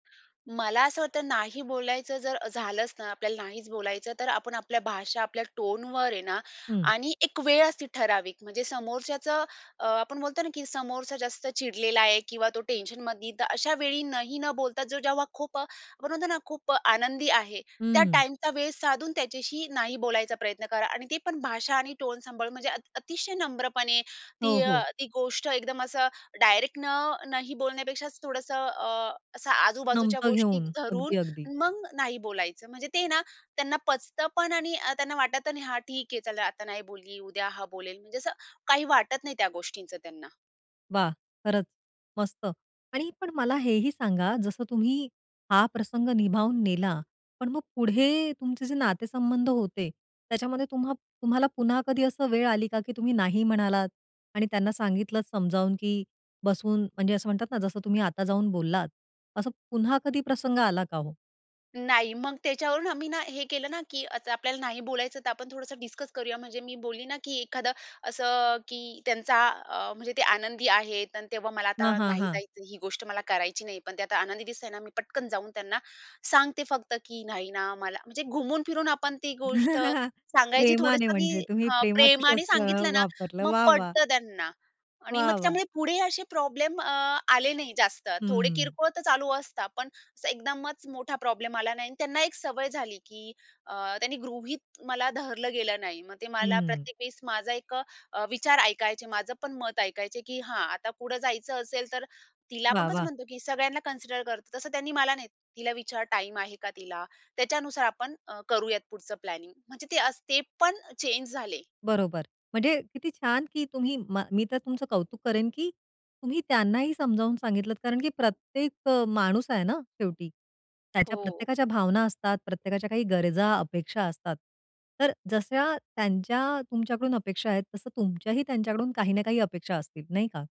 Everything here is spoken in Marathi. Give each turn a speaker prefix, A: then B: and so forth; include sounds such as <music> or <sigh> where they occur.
A: मला असं होत नाही बोलायचं जर झालंच ना, आपल्याला नाहीच बोलायचं तर आपण आपल्या भाषा आपल्या टोनवर आहे ना
B: हं.
A: आणि एक वेळ असती ठराविक म्हणजे समोरच्याचं अ, आपण बोलतो ना की समोरचा जास्त चिडलेला आहे किंवा तो टेन्शनमधी तर अशा वेळी नही न बोलता जो जेव्हा खूप अ, आपण म्हणतो ना खूप आनंदी आहे
B: हं,
A: त्या
B: हं.
A: टाईमचा वेळ साधून त्याच्याशी नाही बोलायचं प्रयत्न करा आणि ते पण भाषा आणि टोन सांभाळून म्हणजे अति अतिशय नम्रपणे
B: हो,
A: ती,
B: हो.
A: ती गोष्ट एकदम असं डायरेक्ट न नही बोलण्यापेक्षा थोडंसं अ, असं आजूबाजूच्या
B: नमतं
A: गोष्टी
B: घेऊन
A: धरून
B: अगदी-अगदी.
A: मग नाही बोलायचं म्हणजे ते ना, त्यांना पचतं पण आणि त्यांना वाटत नाही हा ठीक आहे, चला आता नाही बोलली, उद्या हा बोलेल म्हणजे असं काही वाटत नाही, त्या गोष्टींचं त्यांना.
B: वाह! खरंच मस्त आणि पण मला हेही सांगा, जसं तुम्ही हा प्रसंग निभावून नेला पण मग पुढे तुमचे जे नातेसंबंध होते, त्याच्यामध्ये तुम्हा तुम्हाला पुन्हा कधी असं वेळ आली का की तुम्ही नाही म्हणालात आणि त्यांना सांगितलंत समजावून की बसून म्हणजे असं म्हणतात ना, जसं तुम्ही आता जाऊन बोललात असं पुन्हा कधी प्रसंग आला का हो?
A: नाही मग त्याच्यावरून आम्ही ना, हे केलं ना की आता आपल्याला नाही बोलायचं, तर आपण थोडंसं डिस्कस करूया, म्हणजे मी बोलली ना की एखादं असं की त्यांचा अ, म्हणजे ते आनंदी आहेत आणि तेव्हा मला
B: हां,
A: आता
B: हां,
A: नाही
B: हां.
A: जायचं, ही गोष्ट मला करायची नाही. पण ते आता आनंदी दिसतंय ना, मी पटकन जाऊन त्यांना सांगते फक्त की नाही ना मला म्हणजे घुमून फिरून आपण ती गोष्ट
B: <chuckles>
A: सांगायची,
B: प्रेमाने
A: थोडंसं
B: म्हणजे
A: की
B: तुम्ही
A: हां,
B: प्रेमाचं
A: प्रेमाने
B: शस्त्र
A: सांगितलं ना
B: वापरलं.
A: मग
B: वाह! वाह!
A: पटतं त्यांना आणि मग
B: वाह! वाह!
A: त्यामुळे पुढे असे प्रॉब्लेम अ, आले नाही जास्त, थोडे
B: हं.
A: किरकोळ तर चालू असतात, पण अस एकदमच मोठा प्रॉब्लेम आला नाही आणि त्यांना एक सवय झाली की अ, त्यांनी गृहीत मला धरलं गेलं नाही, मग ते मला
B: हं.
A: प्रत्येक वेळेस माझा एक अ, विचार ऐकायचे, माझं पण मत ऐकायचे की हा, आता पुढे जायचं असेल, तर तिला आपण
B: वाह!
A: कसं
B: वाह!
A: म्हणतो की सगळ्यांना कन्सिडर करतो. तसं त्यांनी मला नाही, तिला विचार टाईम आहे का तिला? त्याच्यानुसार आपण अ, करूयात पुढचं प्लॅनिंग म्हणजे ते अस ते पण चेंज झाले.
B: बरोबर म्हणजे किती छान की तुम्ही म मी तर तुमचं कौतुक करेन की तुम्ही त्यांनाही समजावून सांगितलत कारण की प्रत्येक अ, माणूस आहे ना शेवटी. त्याच्या
A: हो.
B: प्रत्येकाच्या भावना असतात, प्रत्येकाच्या काही गरजा, अपेक्षा असतात. तर जश्या त्यांच्या तुमच्याकडून अपेक्षा आहेत तसं तुमच्याही त्यांच्याकडून काही ना काही अपेक्षा असतील, नाही का?